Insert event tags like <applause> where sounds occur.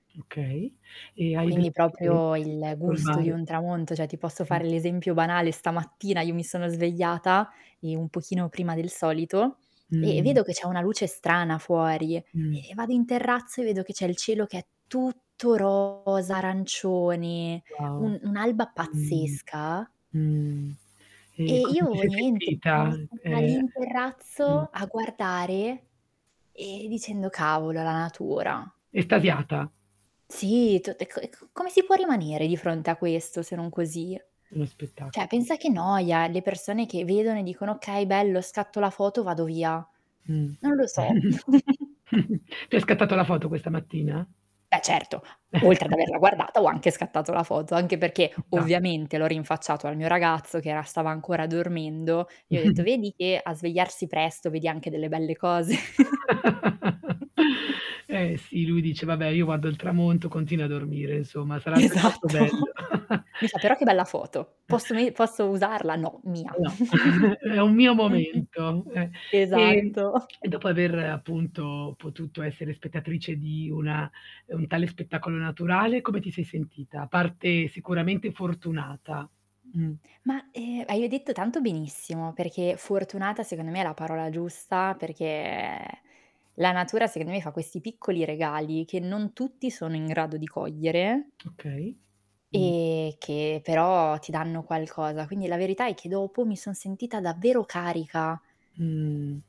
Okay. E hai delle Quindi, proprio preferenze il rispetto al gusto di mare? un tramonto, cioè, ti posso Mh. fare l'esempio banale: stamattina io mi sono svegliata, ehm, un pochino prima del solito, e e Mh. vedo che c'è una luce strana fuori, e Mh. e vado in terrazzo e vedo che c'è il cielo che è tutto rosa arancione, Wow. un un'alba Mh-mh. pazzesca Mh. E e come ti io, sei niente, sono sentita, stata lì ehm in Mh. terrazzo a guardare, e dicendo: "Cavolo, la natura!" Estasiata. Sì. T e c e c come si può rimanere di fronte a questo, se non così? Uno spettaco Cioè, pensa che noia le persone che vedono e dicono: "Okay bello, scatto la foto, vado via." Mh. Non lo so. <giggles> <chuckles> Te hai scattato la foto questa mattina? Beh, certo. Oltre ad averla <chuckles> guardata ho anche scattato la foto, anche Ci perché, sta. ovviamente, l'ho rinfacciato al mio ragazzo, che era stava ancora dormendo, e ho detto: <chuckles> "Vedi che a svegliarsi presto vedi anche delle belle cose?" <chuckles> <chuckles> Eh sì, lui dice: "Vabbè, io guardo il tramonto, continuo a dormire, insomma, sarà altrettanto bello." Esatto. <chuckles> Mi fa: "Però che bella foto, E posso veni posso usarla?" "No, mia." No. No. <chuckles> É un mio <giggles> momento, eh. E Esatto. e dopo aver, appunto, potuto essere spettatrice di una mhmm, un tale spettacolo naturale, come ti sei sentita? A parte sicuramente fortunata. Mh. Ma, ehm, hai o detto tanto benissimo, perché fortunata secondo me è la parola giusta, perché la natura sec me fa questi piccoli regali, che non tutti sono in grado di cogliere Okay. Mh. e che però ti danno qualcosa, quindi la verità è che dopo mi son sentita davvero carica. Mh.